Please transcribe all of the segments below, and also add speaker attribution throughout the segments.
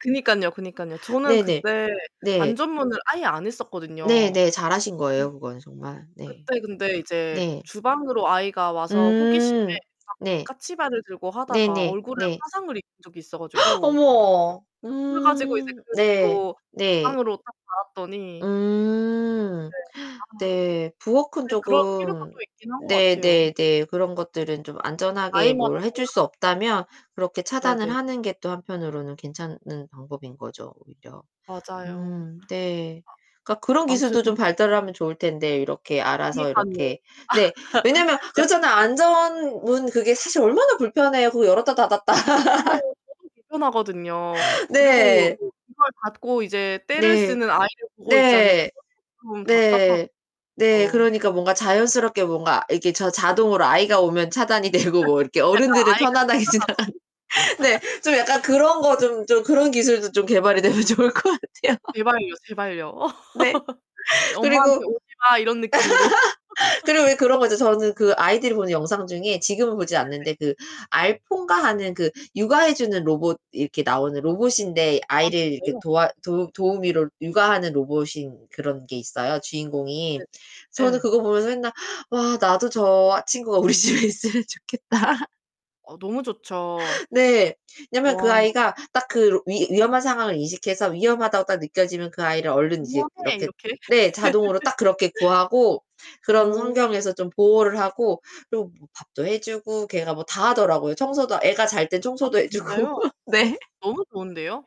Speaker 1: 그니깐요, 그니깐요. 저는
Speaker 2: 네네.
Speaker 1: 그때
Speaker 2: 네.
Speaker 1: 안전문을 아예 안 했었거든요.
Speaker 2: 네네. 잘하신
Speaker 1: 음.
Speaker 2: 거예요, 그건 정말. 네.
Speaker 1: 그때 근데 이제
Speaker 2: 네.
Speaker 1: 주방으로 아이가 와서 호기심에
Speaker 2: 음.
Speaker 1: 막
Speaker 2: 네.
Speaker 1: 까치발을 들고 하다가
Speaker 2: 네네
Speaker 1: 얼굴에
Speaker 2: 네.
Speaker 1: 화상을 입은 적이 있어 가지고
Speaker 2: 어머.
Speaker 1: ...그래 가지고 이제
Speaker 2: 음.
Speaker 1: 그
Speaker 2: 네.
Speaker 1: 뒤로
Speaker 2: 네.
Speaker 1: 창으로 딱 달았더니
Speaker 2: 음.
Speaker 1: 네. 아.
Speaker 2: 네. 부엌은
Speaker 1: 네. 그럴 필요가
Speaker 2: 조금
Speaker 1: 또 있긴 한 것
Speaker 2: 네
Speaker 1: 같아요.
Speaker 2: 네 네. 그런 것들은 좀 안전하게
Speaker 1: 아이마다
Speaker 2: 뭘 해 줄
Speaker 1: 달라
Speaker 2: 수 없다면 그렇게 차단을
Speaker 1: 네네.
Speaker 2: 하는 게 또 한편으로는 괜찮은 방법인 거죠, 오히려.
Speaker 1: 맞아요.
Speaker 2: 음 네. 그러니까 그런
Speaker 1: 아무튼
Speaker 2: 기술도 좀 발달하면 좋을 텐데 이렇게 알아서
Speaker 1: 그니깐요.
Speaker 2: 이렇게 네. 왜냐하면
Speaker 1: 약
Speaker 2: 그렇잖아요. 안전문 그게 사실 얼마나 불편해요. 그 열었다 닫았다.
Speaker 1: 맞아요. 쪼금 불편하거든요. 그리고
Speaker 2: 네.
Speaker 1: 그 이걸 닫고 이제 떼를
Speaker 2: 네.
Speaker 1: 쓰는 아이를 보고 있자니
Speaker 2: 네.
Speaker 1: 그것도 좀
Speaker 2: 네.
Speaker 1: 답답하고요.
Speaker 2: 네 그러니까 뭔가 자연스럽게 뭔가 이렇게 저 자동으로 아이가 오면 차단이 되고 뭐 이렇게
Speaker 1: 약간
Speaker 2: 어른들은
Speaker 1: 아이가 튕겨
Speaker 2: 편안하게
Speaker 1: 나가고.
Speaker 2: 지나가는 네 좀 약간 그런 거 좀 좀
Speaker 1: [unintelligible]
Speaker 2: 그런 기술도 좀 개발이 되면 좋을 것 같아요.
Speaker 1: 제발요, 제발요.
Speaker 2: 네.
Speaker 1: 저 '엄마한테
Speaker 2: 그리고
Speaker 1: 오지마.' 이런 느낌으로.
Speaker 2: 그리고 왜 그런 거죠. 저는 그 아이들이 보는 영상 중에 지금은 보지
Speaker 1: 네
Speaker 2: 않는데
Speaker 1: 네.
Speaker 2: 그 알포인가 하는 그 육아 해 주는 로봇 이렇게 나오는 로봇인데
Speaker 1: 아
Speaker 2: 아이를 이렇게
Speaker 1: 진짜요?
Speaker 2: 도와 도 도우미로 육아하는 로봇인 그런 게 있어요, 주인공이.
Speaker 1: 네네.
Speaker 2: 저는
Speaker 1: 예.
Speaker 2: 그거 보면서 맨날 '와 나도 저 친구가 우리 집에 있으면 좋겠다.'
Speaker 1: 어 너무 좋죠.
Speaker 2: 네. 왜냐면 그
Speaker 1: 와.
Speaker 2: 아이가 딱 그 위 위험한 상황을 인식해서 위험하다고 딱 느껴지면 그 아이를 얼른 이제
Speaker 1: "위험해!"
Speaker 2: 이렇게
Speaker 1: 이렇게.
Speaker 2: 네. 자동으로 딱 그렇게 구하고 그런
Speaker 1: 어.
Speaker 2: 환경에서 좀 보호를 하고 그리고 뭐 밥도 해 주고 걔가 뭐 다 하더라고요. 청소도 애가 잘 때는
Speaker 1: 아
Speaker 2: 청소도 해 주고.
Speaker 1: 진짜요?
Speaker 2: 네.
Speaker 1: 너무 좋은데요?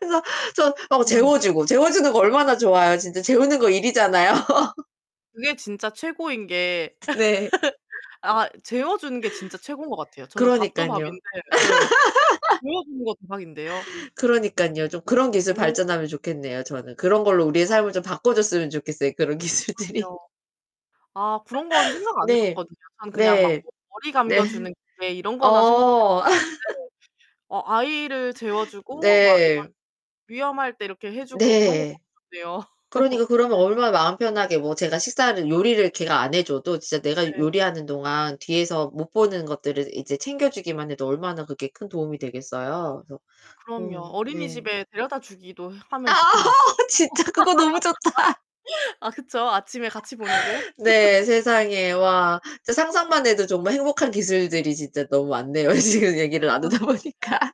Speaker 2: 그래서 저 어
Speaker 1: 음.
Speaker 2: 재워 주고. 재워 주는 거 얼마나 좋아요. 진짜 재우는 거 일이잖아요.
Speaker 1: 그게 진짜 최고인 게
Speaker 2: 네.
Speaker 1: 아 재워 주는 게 진짜 최고인 것 같아요. 저는 밥도
Speaker 2: 그러니깐요.
Speaker 1: 밥인데 예. 재워 주는 거 대박인데요.
Speaker 2: 그러니깐요. 좀 그런 기술
Speaker 1: 어.
Speaker 2: 발전하면 좋겠네요, 저는. 그런 걸로 우리의
Speaker 1: 아.
Speaker 2: 삶을 좀 바꿔줬으면 좋겠어요. 그런 기술들이.
Speaker 1: 그럼요. 아 그런 거는 생각 안 해
Speaker 2: 네.
Speaker 1: 봤거든요. 앙 그냥 막
Speaker 2: 네.
Speaker 1: 머리
Speaker 2: 네.
Speaker 1: 감겨 주는 기계 이런 거나 생각해
Speaker 2: 어.
Speaker 1: 봤었는데 어 아이를 재워 주고 막 이런
Speaker 2: 네.
Speaker 1: 위험할 때 이렇게 해 주고 그런 거
Speaker 2: 네.
Speaker 1: 좋겠네요.
Speaker 2: 그러니까 그러면 얼마나 마음 편하게 뭐 제가 식사를 요리를 걔가 안 해 줘도 진짜 내가
Speaker 1: 예.
Speaker 2: 요리하는 동안 뒤에서 못 보는 것들을 이제 챙겨주기만 해도 얼마나 그게 큰 도움이 되겠어요. 그래서
Speaker 1: 그럼요.
Speaker 2: 음 네.
Speaker 1: 어린이집에 데려다 주기도
Speaker 2: 아
Speaker 1: 하면 좋겠네요.
Speaker 2: 진짜 그거 너무 좋다.
Speaker 1: 아 그쵸. 아침에 같이 보내고.
Speaker 2: 네. 세상에 와. 진짜 상상만 해도 정말 행복한 기술들이 진짜 너무 많네요. 지금 얘기를
Speaker 1: 그러니깐요.
Speaker 2: 나누다 보니까.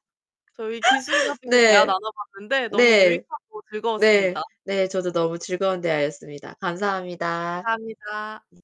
Speaker 1: 저희 기술 가지고 대화
Speaker 2: 네.
Speaker 1: 나눠 봤는데 너무
Speaker 2: 네.
Speaker 1: 유익하고
Speaker 2: 네.
Speaker 1: 즐거웠습니다.
Speaker 2: 네 저도 너무 즐거운 대화였습니다. 감사합니다.
Speaker 1: 감사합니다.
Speaker 2: 네.